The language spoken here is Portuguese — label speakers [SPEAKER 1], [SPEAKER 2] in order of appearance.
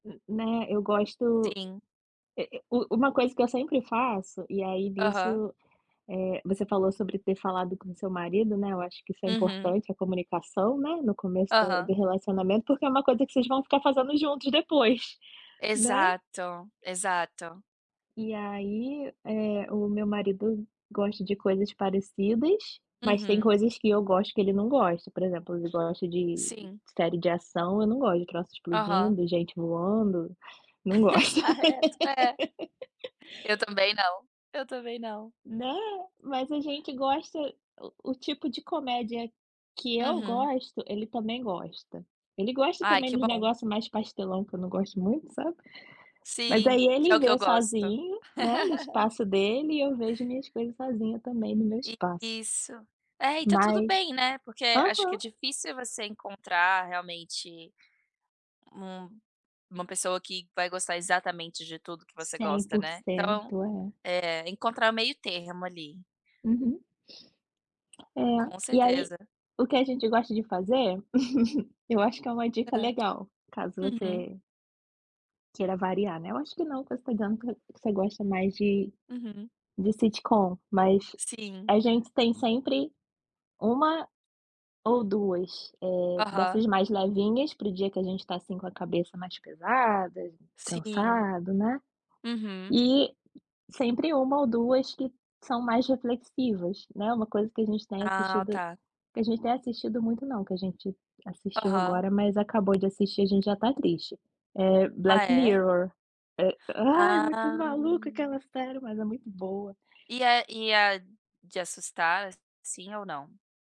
[SPEAKER 1] né, eu gosto,
[SPEAKER 2] Sim.
[SPEAKER 1] e e u uma coisa que eu sempre faço. E, aí,
[SPEAKER 2] Aham.
[SPEAKER 1] nisso, eh, você falou sobre ter falado com seu marido, né, eu acho que isso é
[SPEAKER 2] Uhum.
[SPEAKER 1] importante, a comunicação, né, no começo da
[SPEAKER 2] Aham.
[SPEAKER 1] do relacionamento, porque é uma coisa que vocês vão ficar fazendo juntos depois, né.
[SPEAKER 2] Exato, exato.
[SPEAKER 1] E aí, eh, o meu marido gosta de coisas parecidas, mas tem
[SPEAKER 2] Uhum.
[SPEAKER 1] coisas que eu gosto que ele não gosta. Por exemplo, ele gosta de de
[SPEAKER 2] Sim.
[SPEAKER 1] série de ação, eu não gosto de troço
[SPEAKER 2] Aham.
[SPEAKER 1] explodindo, gente voando, não gosto.
[SPEAKER 2] Exato. É. Eu também não. Eu também não.
[SPEAKER 1] Né, mas a gente gosta o o tipo de comédia que eu
[SPEAKER 2] Uhum.
[SPEAKER 1] gosto, ele também gosta. Ele gosta
[SPEAKER 2] Ai,
[SPEAKER 1] também
[SPEAKER 2] que
[SPEAKER 1] dos
[SPEAKER 2] bom!
[SPEAKER 1] negócio mais pastelão, que eu não gosto muito, sabe. Mas
[SPEAKER 2] Sim,
[SPEAKER 1] aí
[SPEAKER 2] que é o
[SPEAKER 1] ele
[SPEAKER 2] que eu
[SPEAKER 1] vê
[SPEAKER 2] gosto.
[SPEAKER 1] sozinho, né, no espaço dele, e eu vejo minhas coisas sozinha também no meu espaço.
[SPEAKER 2] Isso. É, e tá tudo
[SPEAKER 1] Mas
[SPEAKER 2] bem, né, porque acho que é
[SPEAKER 1] Aham.
[SPEAKER 2] difícil você encontrar realmente um uma pessoa que vai gostar exatamente de tudo que você
[SPEAKER 1] cem
[SPEAKER 2] gosta, né. Então,
[SPEAKER 1] porcento. É.
[SPEAKER 2] eh, encontrar o meio-termo ali.
[SPEAKER 1] Uhum. É.
[SPEAKER 2] Com
[SPEAKER 1] E aí,
[SPEAKER 2] certeza.
[SPEAKER 1] o que a gente gosta de fazer, eu acho que é uma dica
[SPEAKER 2] Hã.
[SPEAKER 1] legal, caso
[SPEAKER 2] Uhum.
[SPEAKER 1] você queira variar, né. Eu acho que não, que você tá dizendo que você gosta mais de
[SPEAKER 2] Uhum.
[SPEAKER 1] de sitcom, mas
[SPEAKER 2] Sim.
[SPEAKER 1] a gente tem sempre 1 ou 2, eh,
[SPEAKER 2] Aham.
[SPEAKER 1] dessas mais levinhas pro dia que a gente tá assim com a cabeça mais pesada,
[SPEAKER 2] Sim.
[SPEAKER 1] cansado, né,
[SPEAKER 2] Uhum.
[SPEAKER 1] e sempre 1 ou 2 que são mais reflexivas, né. Uma coisa que a gente tem
[SPEAKER 2] Ah,
[SPEAKER 1] assistido
[SPEAKER 2] tá.
[SPEAKER 1] que a gente tem assistido muito não, que a gente assistiu
[SPEAKER 2] Aham.
[SPEAKER 1] agora, mas acabou de assistir, a gente já tá triste, é
[SPEAKER 2] Ah,
[SPEAKER 1] Black
[SPEAKER 2] é?
[SPEAKER 1] Mirror. Eh, ai, é muito
[SPEAKER 2] Ah.
[SPEAKER 1] maluca aquela série, mas é muito boa.
[SPEAKER 2] E é e é de assustar, sim ou não?